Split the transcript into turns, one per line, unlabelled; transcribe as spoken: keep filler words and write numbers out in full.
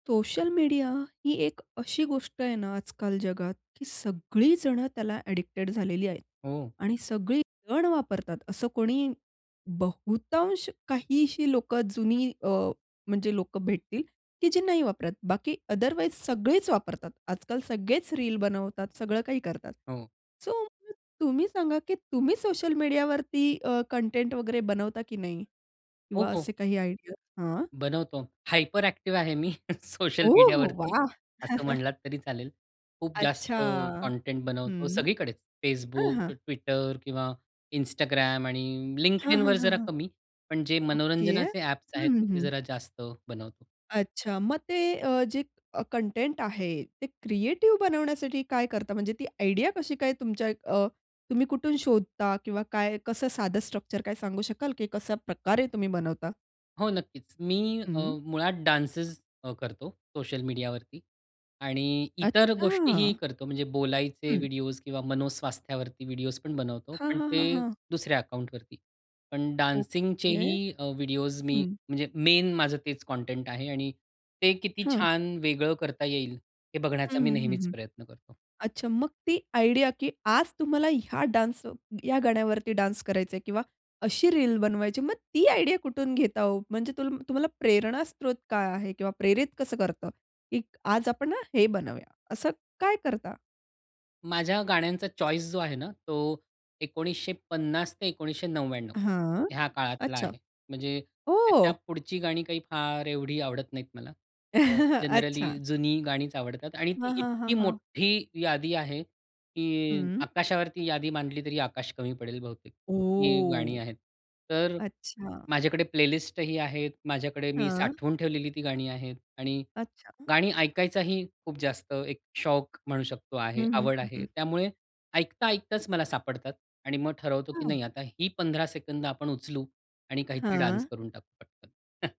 Social media ही एक अशी गोष्ट आहे ना आजकाल जगात, की सगळी जण त्याला एडिक्टेड झालेली आहेत
हो.
आणि सगळी जण वापरतात. असं कोणी, बहुतांश काहीशी लोकं जुनी अ, म्हणजे लोकं भेटतील की जे नाही वापरत, बाकी अदरवाईज सगळेच वापरतात. आजकाल सगळेच रील बनवतात, सगळं काही करतात.
हो.
सो, मग तुम्ही सांगा, की तुम्ही सोशल मीडियावरती अ, कंटेंट वगैरे बनवता की नाही? किंवा
हो, हो.
असे काही आयडियाज? हां.
बनवतो. हायपर एक्टिव्ह आहे मी सोशल
ओहो,
मीडियावरती,
वाह!
असं म्हणलात तरी चालेल. खूप
अच्छा!
जास्त कंटेंट बनवतो,
हं.
सगळीकडेच
हां,
Facebook,
हां.
Twitter किंवा Instagram, आणि
हां, हां,
LinkedInवर
हां,
जरा
हां.
कमी, पण जे
ओके.
मनोरंजनाचे ॲप्स
हं,
आहेत,
हं,
तिथे
हं.
जरा जास्त बनवतो.
अच्छा, मग ते अ, जे कंटेंट आहे, ते क्रिएटिव्ह बनवण्यासाठी काय करता? म्हणजे ती आयडिया कशी काय तुमच्या अ, तुम्ही कुठून शोधता, किंवा काय, कसं साधं स्ट्रक्चर काय सांगू शकाल, की कशा प्रकारे तुम्ही बनवता?
हो, नक्कीच. मी अ,
हं.
मुळात डान्सेस अ, करतो सोशल मीडियावरती, आणि इतर गोष्टीही
अच्छा.
करतो, म्हणजे बोलायचे
हं.
व्हिडिओज किंवा मनोस्वास्थ्यावरती व्हिडिओज पण बनवतो,
हां,
पण
हां,
ते
हां, हां.
दुसऱ्या अकाउंटवरती. पण
ओके,
डान्सिंगचेही अ, व्हिडिओज मी,
हं.
म्हणजे मेन माझं तेच कंटेंट आहे आणि ते किती
हां.
छान वेगळं करता येईल, हे
हं,
बघण्याचा मी
हं, हं,
नेहमीच
हं.
प्रयत्न करतो.
अच्छा, मग ती आयडिया की आज तुम्हाला ह्या डान्स या गाण्यावरती डान्स करायचंय किंवा अशी रील बनवायची, मग ती आयडिया कुठून घेता हो? म्हणजे तु तुम्हाला प्रेरणास्रोत काय आहे, किंवा प्रेरित कसं करतं, की आज आपण ना हे बनवूया? असं काय करता?
माझ्या गाण्यांचा चॉईस जो आहे ना, तो एकोणीसशे पन्नास ते एकोणीसशे नव्व्याण्णव
हां,
ह्या काळातला
अच्छा.
आहे. म्हणजे त्याच्या
हो.
पुढची गाणी काही फार एवढी आवडत नाहीत मला. अ जनरली
अच्छा.
जुनी गाणीच आवडतात आणि ती
हां, हां, हां,
इतकी
हां.
मोठ्ठी यादी आहे की
हं.
आकाशावरती यादी मांडली तरी आकाश कमी पडेल बहुतेक, इतकी गाणी
ओ.
आहेत. तर
अच्छा.
माझ्याकडे प्लेलिस्ट ही आहेत, माझ्याकडे मी
हां.
साठवून ठेवलेली ती गाणी आहेत, आणि
अच्छा.
गाणी ऐकायचाही खूप जास्त एक शौक म्हणू शकतो, आहे
हं, हं,
आवड
हं,
आहे.
हं.
त्यामुळे ऐकता ऐकताच मला सापडतात आणि मग ठरवतो की
हां.
नाही आता ही पंधरा सेकंद आपण उचलू आणि काहीतरी डान्स
हां.
करून टाकू पटकन.